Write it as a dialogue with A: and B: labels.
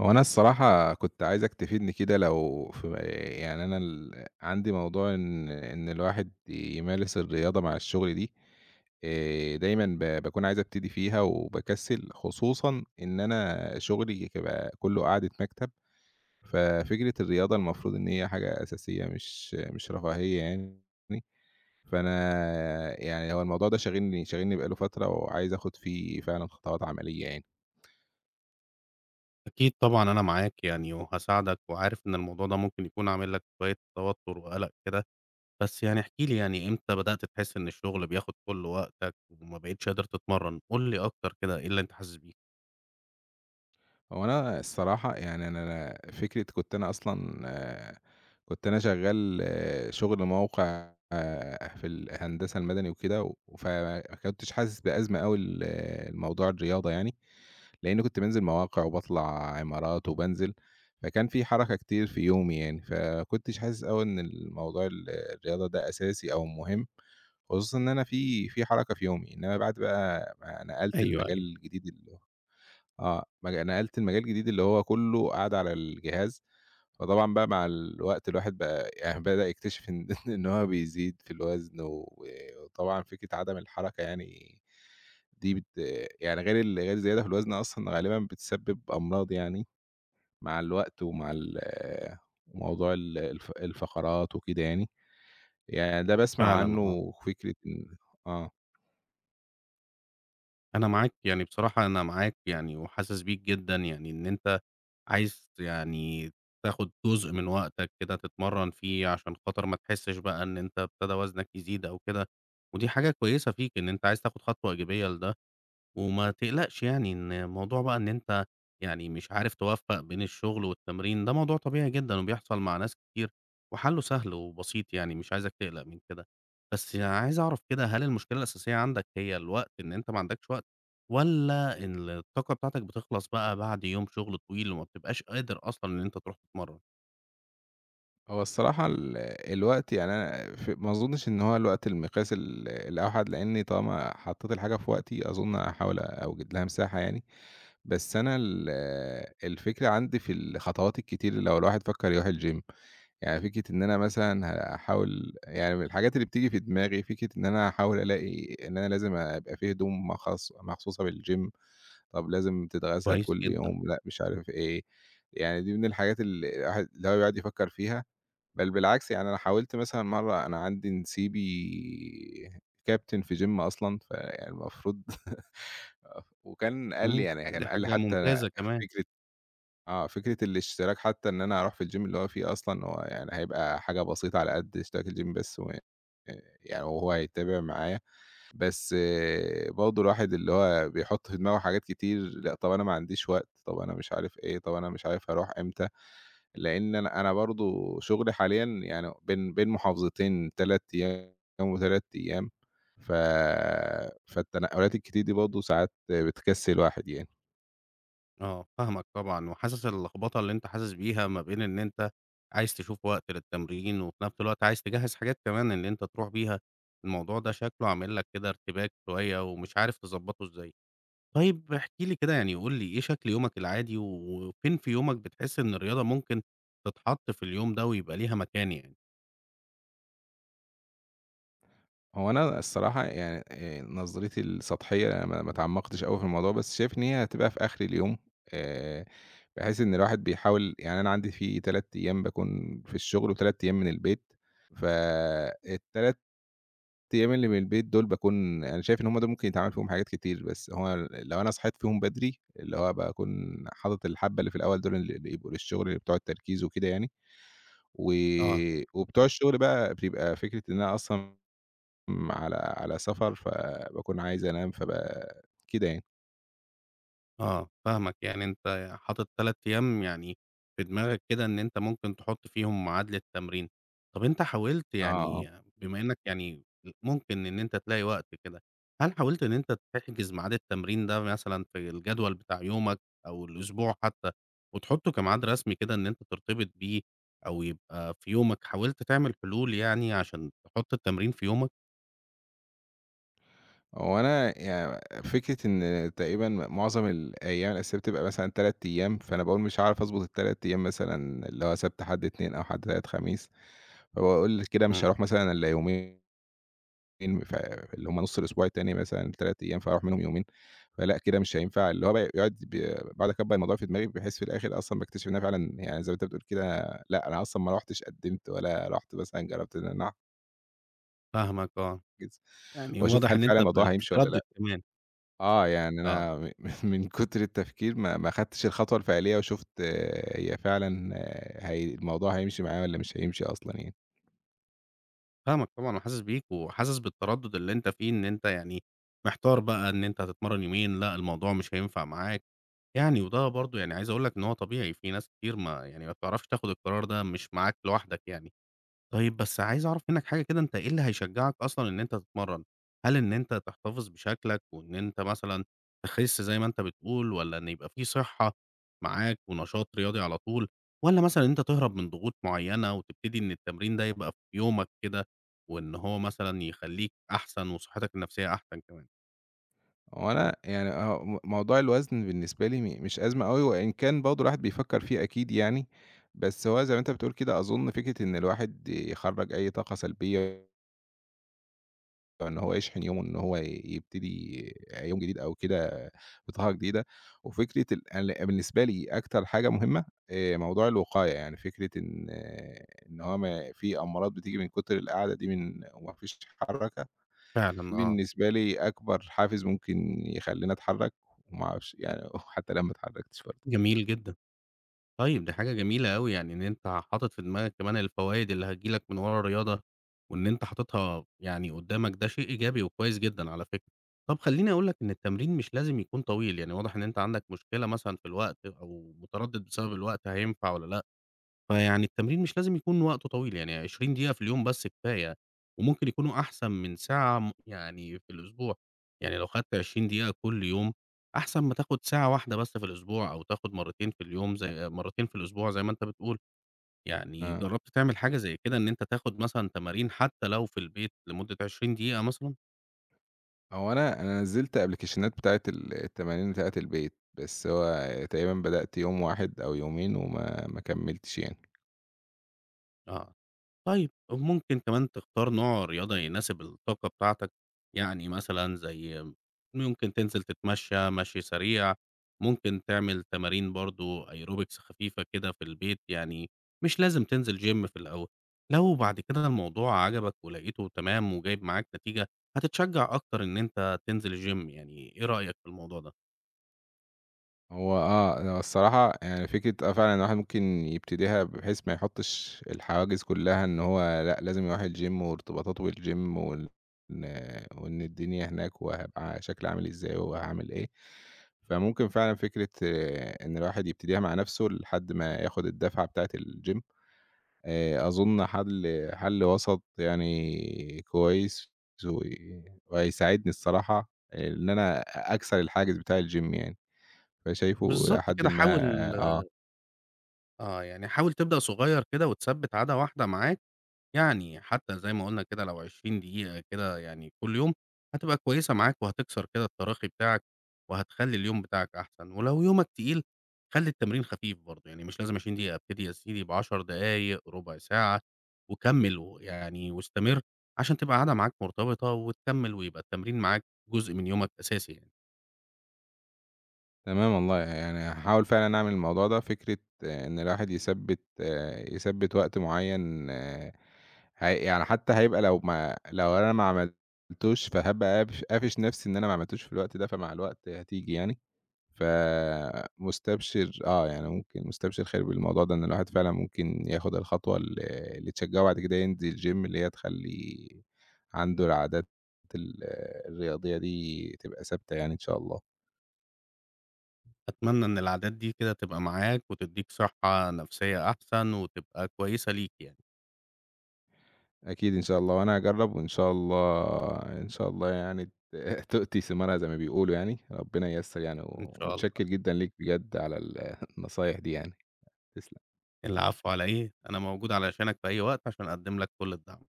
A: هو أنا الصراحة كنت عايزك تفيدني كدا لو ف يعني أنا ال عندي موضوع إن إن الواحد يمارس الرياضة مع الشُّغل دي، آآ دايمًا ب باكون عايز أبتدي فيها وباكسِّل، خصوصًا إن أنا شُغلي [unintelligible] كُلّه قعدة مكتب، ففكرة الرياضة المفروض إن هي حاجة أساسية مش مش رفاهية يعني، فأنا يعني هو الموضوع ده شاغلني شاغلني بقى له فترة، وعايز آخُد فيه فعلًا خطوات عملية يعني.
B: أكيد طبعًا أنا معاك يعني وهاساعدك، وعارف إن الموضوع ده ممكن يكون عامل لك شوية توتر وقلق كده، بس يعني احكِ لي يعني إمتى بدأت تحِسّ إن الشُّغل بياخد كُلّ وقتك، وما بقتيش قادر تتمرن؟ قُل لي أكتر كده إيه اللي أنت حاسِس بيه.
A: هو أنا الصراحة يعني أنا أنا فكرة كنت أنا أصلًا كُنت أنا شغال شُغل موقع آآ في ال الهندسة المدني وكدا، وف ما كُنتِش حاسِس بأزمة أوي ل لموضوع الرياضة يعني، لإني كنت بانزِل مواقع وباطلَع عِمارات وبانزِل، فكان في حركة كتير في يومي يعني، ف ما كُنتِش حاسِس أوي إن ال موضوع ال الرياضة دا أساسي أو مُهم، خصوصًا إن أنا في في حركة في يومي، إنما بعد بَقى ما نقلت
B: أيوه،
A: المجال
B: أيوه.
A: الجديد اللي آه، مج نقلت لمجال الجديد اللي هو كُلّه قعدة على الجهاز، فطبعًا بَقى مع الوقت الواحد بَقى يعني بدأ يكتشف إن إن هو بيزيد في الوزن، وآآ وطبعًا فكرة عدم الحركة يعني دي بت يعني غير ال غير الزيادة في الوزن أصلًا غالبًا بتسبب أمراض يعني، مع الوقت ومع ال موضوع ال الف الفقرات وكده يعني، يعني دا باسمَع
B: فعلًا،
A: عنه
B: آه.
A: وفكرة إن آه.
B: أنا معاك، يعني بصراحة أنا معاك يعني، وحاسس بيك جدًا يعني إن أنت عايز ت يعني تاخد جزء من وقتك كده تتمرّن فيه عشان خاطر ما تحسّش بقى إن أنت ابتدى وزنك يزيد أو كده. ودي حاجة كويسة فيك إن أنت عايز تاخد خطوة إيجابية لده. وما تقلقش يعني إن الموضوع بقى إن أنت يعني مش عارف تُوفَّق بين الشغل والتمرين، ده موضوع طبيعي جدًا وبيحصَل مع ناس كتير، وحلّه سهل وبسيط، يعني مش عايزك تقلَق من كده. بس عايز أعرف كده، هل المشكلة الأساسية عندك هي الوقت؟ إن أنت ما عندكش وقت؟ والّا إن الطاقة بتاعتك بتخلَص بقى بعد يوم شغل طويل وما بتبقاش قادر أصلًا إن أنت ترُوح تتمرّن؟
A: هو الصراحة ال الوقت يعني أنا ف ما أظنش إن هو الوقت المقياس ال الأوحد لإني طالَما حطّيت الحاجة في وقتي، أظن هاحاول أوجِد لها مساحة يعني، بس أنا ال الفكرة عندي في الخطوات الكتير اللي لو الواحد فكر يرُوح الgym يعني فكرة إن أنا مثلًا هاحاول يعني من الحاجات اللي بتيجي في دماغي فكرة إن أنا هاحاول ألاقي إن أنا لازم أ أبقى في هدوم مخص مخصوصة بالgym طَب لازم تتغسل
B: كويس
A: كلّ
B: جدًا.
A: يوم، لأ، مش عارف إيه. يعني دي من الحاجات اللي الواحد اللي هو بيقعُد يفكّر فيها. بل بالعكس يعني أنا حاولت مثلًا مَرَّة أنا عندي نسيبي كابتن في gym أصلًا فالمفروض وكان قال لي
B: امم،
A: يعني،
B: دي
A: كان قال لي
B: حاجة
A: حتى
B: ممتازة كمان.
A: فكرة آه، فكرة الاشتراك حتى إن أنا أرُوح في الgym اللي هو فيه أصلًا، هو يعني هيبقى حاجة بسيطة على قد اشتراك الgym بس وآآ أآ يعني وهو هيتابع معايا. بس برضه الواحد اللي هو بيحُط في دماغه حاجات كتير لأ، طَب أنا ما عنديش وقت. طَب أنا مش عارف إيه. طَب أنا مش عارف هارُوح إمتى لإن أنا أنا برضه شُغلي حاليًا يعني بين بين محافظتين 3 أيام و3 أيام ف فالتنقلات الكتير دي برضه ساعات بتكسّل الواحد يعني.
B: آه، فاهمك طبعًا، وحاسس اللخبطة اللي أنت حاسس بيها ما بين إن أنت عايز تشوف وقت للتمرين، وفي نفس الوقت عايز تجهز حاجات كمان إن أنت ترُوح بيها. الموضوع ده شكله عامل لك كده ارتباك شوية، ومش عارف تضبطه إزاي. طيب احكِ لي كده يعني، قُل لي إيه شكل يومك العادي، و وفين في يومك بتحس إن الرياضة ممكن تتحط في اليوم ده ويبقى ليها مكان يعني؟
A: هو أنا الصراحة يعني آآ نظرتي السطحيّة ما ما تعمقتش أوي في الموضوع، بس شايف إن هي هتبقى في آخر اليوم. آآ بحيث إن الواحد بيحاول يعني أنا عندي في 3 أيّام باكون في الشغل و3 أيّام من البيت. فال3 أيّام اللي من البيت دول باكون أنا شايف إن هُم ده ممكن يتعمل فيهم حاجات كتير، بس هو لو أنا صحيت فيهم بدري اللي هو باكون حاطط الحبّة اللي في الأوّل دول اللي بيبقوا للشغل بتوع التركيز وكده يعني.
B: آه.
A: وي وبتوع الشغل بقى بتبقى فكرة إن أنا أصلًا م على على سفر فباكون عايز أنام فابقى كده يعني.
B: آه، فاهمك، يعني أنت حاطط 3 أيام يعني في دماغك كده إن أنت ممكن تحط فيهم ميعاد للتمرين. طَب أنت حاولت
A: آه.
B: يعني بما إنك يعني ممكن إن أنت تلاقي وقت كده، هل حاولت إن أنت تحجز ميعاد التمرين ده مثلًا في الجدول بتاع يومك أو الأسبوع حتى، وتحطه كميعاد رسمي كده إن أنت ترتبط بيه أو يبقى في يومك، حاولت تعمل حلول يعني عشان تحط التمرين في يومك؟
A: هو أنا ي فكرة إن تقريبًا معظم الأيام الأساسية بتبقى مثلًا 3 أيام، فأنا باقول مش هاعرف أضبط ال3 أيام مثلًا اللي هو سبت، حد، اتنين أو حد، تلات، خميس. فباقول كده مش
B: إمم.
A: هاروح مثلًا إلّا يومي ن فاللي هم نُص الأسبوع التاني مثلًا 3 أيام فهاروح منهم يومين. فلأ كده مش هينفع. اللي هو ب يقعُد ب باقعُد أكبَّر الموضوع في دماغي بحيث في الآخِر أصلًا باكتشف إن أنا فعلًا يعني زي ما أنت بتقول كدا لأ، أنا أصلًا ما رُحتش قَدِّمت ولا رُحت مثلًا جرّبت إن أنا أع
B: فاهمك، آه.
A: [unintelligible]
B: يعني
A: وأشوف
B: واضح
A: هل
B: إن
A: فعلًا
B: أنت ب
A: الموضوع هيمشي والّا لأ.
B: بتتردِّد كمان.
A: آه، يعني أنا
B: آه.
A: م من من كُتر التفكير ما ما خدتش الخطوة الفعلية وشُفت هي فعلًا هي الموضوع هيمشي معايا والّا مش هيمشي أصلًا يعني.
B: فاهمك طبعًا وحاسس بيك، وحاسس بالتردُّد اللي أنت فيه، إن أنت يعني محتار بقى إن أنت هتتمرّن يومين، لأ الموضوع مش هينفع معاك. يعني وده برضه يعني عايز أقول لك إن هو طبيعي، في ناس كتير ما يعني ما بتعرفش تاخُد القرار ده، مش معاك لوحدك يعني. طيب بس عايز أعرف منّك حاجة كده، أنت إيه اللي هيشجّعك أصلًا إن أنت تتمرّن؟ هل إن أنت تحتفظ بشكلك وإن أنت مثلًا تِخِس زي ما أنت بتقول والّا إن يبقى في صِحّة معاك ونشاط رياضي على طول والّا مثلًا إن أنت تِهرَب من ضغوط معيّنة وتبتدي إن التمرين ده يبقى في يومك كده وإن هو مثلًا يخلّيك أحسن وصِحّتك النفسيّة أحسن كمان؟
A: هو أنا يعني أهو م موضوع الوزن بالنسبة لي م مش أزمة أوي، وإن كان برضه الواحد بيفكّر فيه أكيد يعني، بس هو زي ما أنت بتقول كده، أظُن فكرة إن الواحد يخرّج أي طاقة سلبية إن هو يشحن يومه، إن هو ي يبتدي يوم جديد أو كده بطاقة جديدة. وفكرة ال أل بالنسبة لي أكتر حاجة مهمة آآ موضوع الوقاية، يعني فكرة إن إن هو ما في أمراض بتيجي من كتر القعدة دي من وما فيش حركة، دي
B: فعلًا آه.
A: بالنسبة لي أكبر حافز ممكن يخلّيني أتحرّك، وما أعرفش يعني حتّى لو ما اتحرّكتش برضه.
B: جميل جدًا. طيب، دي حاجة جميلة أوي، يعني إن أنت حاطِط في دماغك كمان الفوايد اللي هتيجي لك من ورا الرياضة وإن أنت حاطِطها يعني قُدّامك، ده شيء إيجابي وكويس جدًا على فكرة. طَب خلّيني أقول لك إن التمرين مش لازم يكون طويل، يعني واضح إن أنت عندك مشكلة مثلًا في الوقت أو متردِّد بسبب الوقت هينفع والّا لأ، فيعني التمرين مش لازم يكون وقته طويل، يعني 20 دقيقة في اليوم بس كفاية وممكن يكونوا أحسن من ساعة م يعني في الأسبوع. يعني لو خدت 20 دقيقة كل يوم، أحسن ما تاخُد ساعة واحدة بس في الأسبوع، أو تاخُد مرّتين في اليوم زي مرّتين في الأسبوع زي ما أنت بتقول. يعني
A: آه.
B: جرّبت تعمل حاجة زي كده إن أنت تاخُد مثلًا تمارين حتّى لو في البيت لمُدّة 20 دقيقة مثلًا؟
A: هو أنا أنا نزّلت أبلكيشنات بتاعة ال التمارين بتاعة البيت، بس هو تقريبًا بدأت يوم واحد أو يومين وما ما كملتش يعني.
B: آه، طيب، وممكن كمان تختار نوع رياضة يناسب الطاقة بتاعتك، يعني مثلًا زي إمم، ممكن تنزِل تتمشّى مشْي سريع، ممكن تعمل تمارين برضو aerobics خفيفة كده في البيت، يعني مش لازم تنزِل gym في الأول. لو بعد كده الموضوع عجبك ولقيته تمام وجايب معاك نتيجة، هتتشجّع أكتر إن أنت تنزل الgym، يعني إيه رأيك في الموضوع ده؟
A: هو آه، أنا الصراحة يعني فكرة، آه فعلًا الواحد ممكن يبتديها بحيث ما يحطّش الحواجز كلّها إن هو لأ لازم يرُوح الgym وارتباطاته بالgym وال إن وإن الدنيا هناك وهيبقى شكلي عامل إزاي وهاعمل إيه. فممكن فعلًا فكرة إن الواحد يبتديها مع نفْسه لحد ما ياخد الدُّفعة بتاعة الgym آآ أظن حل حل وسَط يعني كويّس و وهيساعدني الصراحة إن أنا أ أكسَر الحاجز بتاع الgym يعني. فشايفه إلى
B: بالضبط
A: حدٍ
B: كده،
A: ما
B: حاول
A: آه.
B: آه، يعني حاول تبدأ صغيّر كده وتثبِّت عادة واحدة معاك، يعني حتى زي ما قُلنا كده لو 20 دقيقة كده يعني كلّ يوم هتبقى كويسة معاك وهتكسَر كده التراخي بتاعك، وهتخلّي اليوم بتاعك أحسَن. ولو يومك تقيل خلّي التمرين خفيف برضه، يعني مش لازم 20 دقيقة، ابتدي يا سيدي ب10 دقايق، رُبع ساعة، وكمّل ويعني واستمِر عشان تبقى عادة معاك مرتبِطة وتكمل ويبقى التمرين معاك جزء من يومك أساسي يعني.
A: تمام والله يعني هاحاول فعلًا أعمل الموضوع ده، فكرة إن الواحد يثبِّت آآ، يثبِّت وقت معيّن آآ هي يعني حتى هيبقى لو ما لو أنا ما عملتوش فهابقى قافش قافش نَفْسي إن أنا ما عملتوش في الوقت ده فمع الوقت هتيجي يعني. ف مُستبشِر آه يعني ممكن مستبشِر خير بالموضوع ده، إن الواحد فعلًا ممكن ياخد الخطوة ال اللي تشجّعه وبعد كده ينزل الgym اللي هي تخلّي عنده العادات ال الرياضية دي تبقى ثابتة يعني إن شاء الله.
B: أتمنى إن العادات دي كده تبقى معاك وتدّيك صحّة نفسيّة أحسن وتبقى كويسة ليك يعني.
A: أكيد إن شاء الله، وأنا هاجرّب وإن شاء الله إن شاء الله يعني ت تؤتِي ثمارها زي ما بيقولوا يعني. ربنا ييّسر يعني،
B: إن شاء
A: ومتشكّر
B: الله.
A: جدًا ليك بجد على ال النصايح دي يعني. تسلَم.
B: العفو على إيه؟ أنا موجود علشانك في أي وقت، عشان أقَدِّم لك كلّ الدعم.